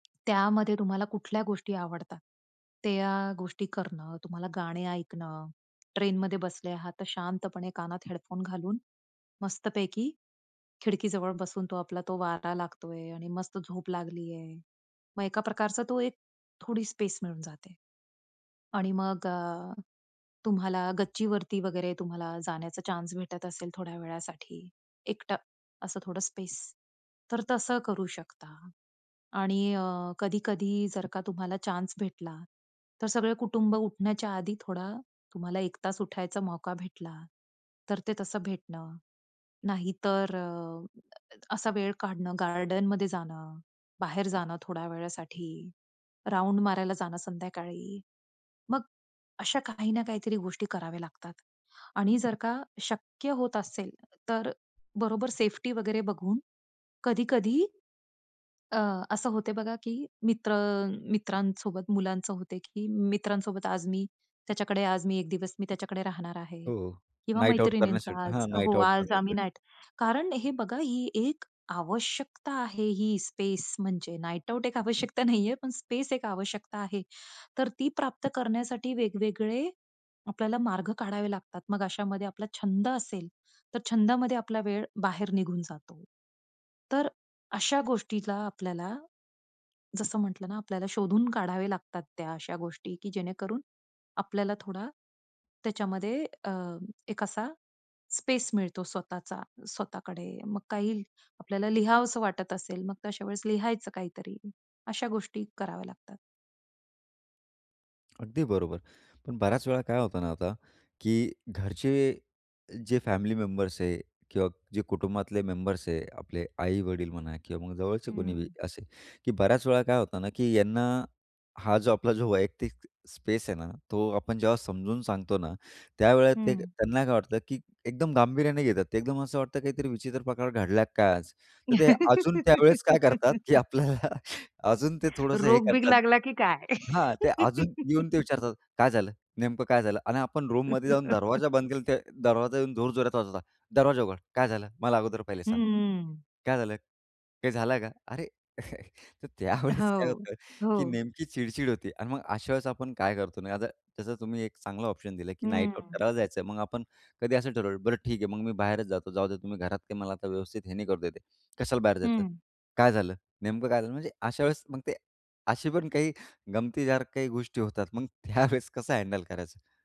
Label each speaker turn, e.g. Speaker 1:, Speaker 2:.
Speaker 1: त्यामध्ये तुम्हाला कुठल्या गोष्टी आवडतात त्या गोष्टी करणं, तुम्हाला गाणे ऐकणं, ट्रेनमध्ये बसले आहात तर शांतपणे कानात हेडफोन घालून मस्त पैकी खिडकीजवळ बसून तो आपला तो वारा लागतो आहे आणि मस्त झोप लागली आहे. मग एका प्रकारचा तो एक थोडी स्पेस मिळून जाते आणि मग अ, तुम्हाला गच्चीवरती वगैरे तुम्हाला जाण्याचा चान्स भेटत असेल थोड्या वेळासाठी, एकटं असं थोडं स्पेस तर तसं करू शकता आणि अ, कधी-कधी जर का तुम्हाला चान्स भेटला तर सगळं कुटुंब उठण्याच्या आधी थोडा तुम्हाला 1 तास उठायचा मौका भेटला तर ते तसं भेटणं. नाहीतर अ, असा वेळ काढणं गार्डनमध्ये जाणं, बाहेर जाणं, थोड्या वेळासाठी, राउंड मारायला जाणं संध्याकाळी. मग अशा काही ना काहीतरी गोष्टी कराव्या लागतात आणि जर का शक्य होत असेल तर बरोबर सेफ्टी वगैरे बघून कधी-कधी, अ, असं होते बघा की मित्र अ, मित्रांसोबत मुलांचं होते की मित्रांसोबत आज मी त्याच्याकडे आज मी 1 दिवस मी त्याच्याकडे राहणार आहे.
Speaker 2: हो,
Speaker 1: किंवा
Speaker 2: नाईट आउट
Speaker 1: मैत्रिणींचा
Speaker 2: करण्यासाठी
Speaker 1: आज
Speaker 2: हां, नाईट
Speaker 1: हो,
Speaker 2: आउट
Speaker 1: आज आम्ही
Speaker 2: करण्यासाठी.
Speaker 1: नाईट कारण हे बघा ही एक आवश्यकता आहे ही स्पेस म्हणजे. नाईट आउट एक आवश्यकता नाही आहे पण स्पेस एक आवश्यकता आहे. तर ती प्राप्त करण्यासाठी वेगवेगळे आपल्याला मार्ग काढावे लागतात. मग अशामध्ये आपला छंद असेल तर छंदामध्ये आपला वेळ बाहेर निघून जातो. तर अशा गोष्टीला आपल्याला, जसं म्हंटलं ना आपल्याला शोधून काढावे लागतात त्या अशा गोष्टी की जेणेकरून आपल्याला थोडा त्याच्यामध्ये अ, एक असा स्पेस मिळतो स्वतःचा स्वतःकडे. मग काही आपल्याला लिहावसं वाटत असेल, मग तशा वेळेस लिहायचं काहीतरी. अशा गोष्टी कराव्या लागतात.
Speaker 2: अगदी बरोबर. पण बऱ्याच वेळा काय होतं ना आता, की घरचे जे फॅमिली मेंबर्स आहेत किंवा जे कुटुंबातले मेंबर्स आहे. आपले आई-वडील म्हणा किंवा मग जवळचे कोणी बी
Speaker 1: हं.
Speaker 2: असेल, की बऱ्याच वेळा काय होतं ना, की यांना, हा जो आपला जो वैयक्तिक स्पेस आहे ना तो आपण जेव्हा समजून सांगतो ना, त्यावेळेला ते
Speaker 1: हं.
Speaker 2: त्यांना काय वाटतं की एकदम गांभीर्याने घेतात ते, एकदम असं वाटतं काहीतरी विचित्र प्रकार घडला की काय आज. तर ते अजून त्यावेळेस काय करतात की आपल्याला अजून ते थोडंसं हे
Speaker 1: रोग-बिग
Speaker 2: करतात
Speaker 1: लागला की काय?
Speaker 2: हां, ते अजून येऊन ते विचारतात, "काय झालं? नेमकं काय झालं?" आणि आपण रूममध्ये जाऊन दरवाजा बंद केला तर दरवाजा येऊन जोरजोरात वाजवतात. "दरवाजा उघड. काय झालं? मला अगोदर पहिले सांग.
Speaker 1: हम्म.
Speaker 2: काय झालं? काय झालं का?" अरे! तर त्यावेळेस काय
Speaker 1: हो,
Speaker 2: होतं की
Speaker 1: हो.
Speaker 2: नेमकी चिडचिड होती आणि मग अशा वेळेस आपण काय करतो ना, आता तसा तुम्ही एक चांगला ऑप्शन दिलं की नाईट आउट
Speaker 1: हम्म.
Speaker 2: करायला जायचं. मग आपण कधी असं ठरवलं "बरं ठीक आहे मग मी बाहेरच जातो, जाऊदे तुम्ही घरात काय मला व्यवस्थित हे नाही करू देत आहे." "कशाला बाहेर जायचं?
Speaker 1: हं.
Speaker 2: काय झालं? नेमकं काय झालं?" म्हणजे अशा वेळेस मग ते अशी पण काही गमतीदार काही गोष्टी होतात. मग त्यावेळेस कसं हँडल करायचं?